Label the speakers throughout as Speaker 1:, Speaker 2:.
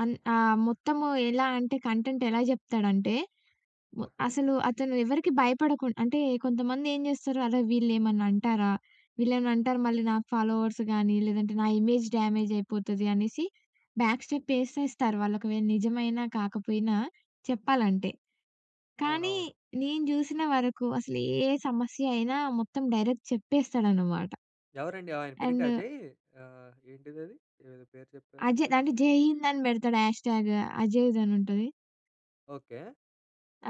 Speaker 1: అన్ ఆహ్, మొత్తము ఎలా అంటే కంటెంట్ ఎలా జెప్తాడంటే, వ
Speaker 2: ఓకే.
Speaker 1: అసలు అతను ఎవరికీ భయపడకుండ్ అంటే కొంతమంది ఏం జేస్తారు, అరే వీళ్ళేమన్నా అంటారా? వీళ్లేమైనా అంటారు మళ్ళీ నాక్ ఫాలోవర్స్ గాని లేదంటే నా ఇమేజ్ డ్యామేజ్ అయిపోతది అనేసి, బ్యాక్ స్టెప్ ఏసేస్తారు వాలకోవేల నిజమైన కాకపోయినా చెప్పాలంటే. కానీ
Speaker 2: అవునవును.
Speaker 1: నేను జూసిన వరకు అసలు ఏ సమస్య అయినా మొత్తం డైరెక్ట్ చెప్పేస్తాడన్నమాట.
Speaker 2: ఎవరండి? ఆయన పేరేంటి
Speaker 1: అండ్
Speaker 2: అజయ్, ఆహ్, ఏంటిదది? ఏదో పేరు చెప్పారు.
Speaker 1: అజయ్ దాన్ని జై హింద్ అని బెడతాడు హాష్‌టాగ్. అజయేజ్ అనుంటది.
Speaker 2: ఓకే.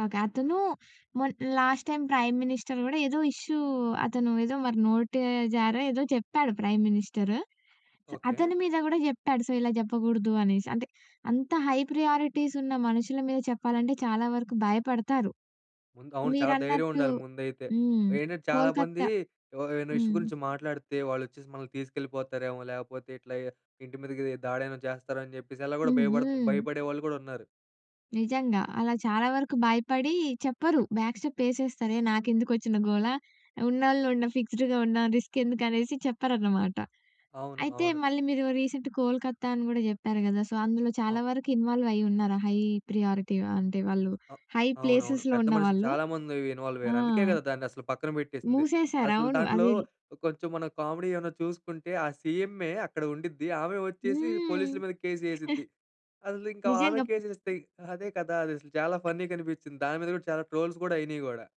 Speaker 1: ఓకే. అతను మొన్ లాస్ట్‌టైమ్ ప్రైమ్ మినిస్టర్ గూడా ఏదో ఇష్యూ అతను ఏదో మరి నోటి జారో ఏదో చెప్పాడు ప్రైమ్ మినిస్టర్.
Speaker 2: ఓకే.
Speaker 1: అతని మీద కూడా జేప్పాడు. సో ఇలా జెప్పకూడదు అనేసి. అంటే అంత హై ప్రయారిటీస్ ఉన్న మనుషుల మీద చెప్పాలంటే చాలా వరకు భయపడతారు.
Speaker 2: ముందు అవును చాలా ధైర్యం
Speaker 1: మీరన్నట్టు
Speaker 2: ఉండాలి ముందైతే.
Speaker 1: హ్మ్.
Speaker 2: ఏంటంటే చాలామంది
Speaker 1: కోల్‌కత్తా
Speaker 2: ఎవ్ ఏమైనా ఇష్యూ
Speaker 1: హ్మ్.
Speaker 2: గురించి మాట్లాడితే వాళ్ళొచ్చేసి మనల్ని తీసుకెళ్ళిపోతారేమో లేపోతే ఇట్లా ఇంటి మీద‌కి దాడేమైనా చేస్తారని జెప్పేసి అలా గూడా భయపడత
Speaker 1: హుహు.
Speaker 2: భయపడే వాళ్ళు గూడా ఉన్నారు.
Speaker 1: నిజంగా, అలా చాలా వరకు భయపడి చెప్పరు, బ్యాక్‌స్టెప్ ఏసేస్తారే నాకెందుకొచ్చిన గోల? ఉన్నోళ్ళు ఉన్నం ఫిక్స్‌డ్‌గా ఉన్నాం. రిస్కెందుకు అనేసి చెప్పరన్నమాట.
Speaker 2: అవును,
Speaker 1: అయితే
Speaker 2: అవును.
Speaker 1: మళ్ళీ మీరు రీసెంట్ కోల్‌కత్తా అని కూడా జెప్పారు గదా! సో అందులో
Speaker 2: ఔ
Speaker 1: చాలా వరకు ఇన్వాల్వ్ అయ్యి ఉన్నారా? హై ప్రియారిటీ అంటే వాళ్ళు
Speaker 2: అహ్,
Speaker 1: హై
Speaker 2: అవునవును.
Speaker 1: ప్లేసెస్‌లో
Speaker 2: పెద్ద మనుషులు
Speaker 1: ఉన్నవాళ్ళు.
Speaker 2: చాలామంది ఇన్వాల్వ్
Speaker 1: ఆ!
Speaker 2: అయ్యారు. అందుకే కదా దాన్నసలు పక్కన పెట్టేసింది.
Speaker 1: మూసేసారు.
Speaker 2: అసలు
Speaker 1: అవును
Speaker 2: దాంట్లో
Speaker 1: అదిల
Speaker 2: కొంచెం మనం కామెడీ ఏమన్నా చూసుకుంటే ఆ సీఎంఏ అక్కడ ఉండిద్ది, ఆమె వచ్చేసి పోలీసుల మీద
Speaker 1: హ్మ్.
Speaker 2: కేస్ ఏసిద్ది. అసలు ఇంకా ఆమె
Speaker 1: నిజంగా బ
Speaker 2: కేసేస్తే అదే కదా! అదసలు చాలా ఫన్నీగా అనిపించింది. దాని మీద కూడా చాలా ట్రోల్స్ కూడా అయినాయి గూడా.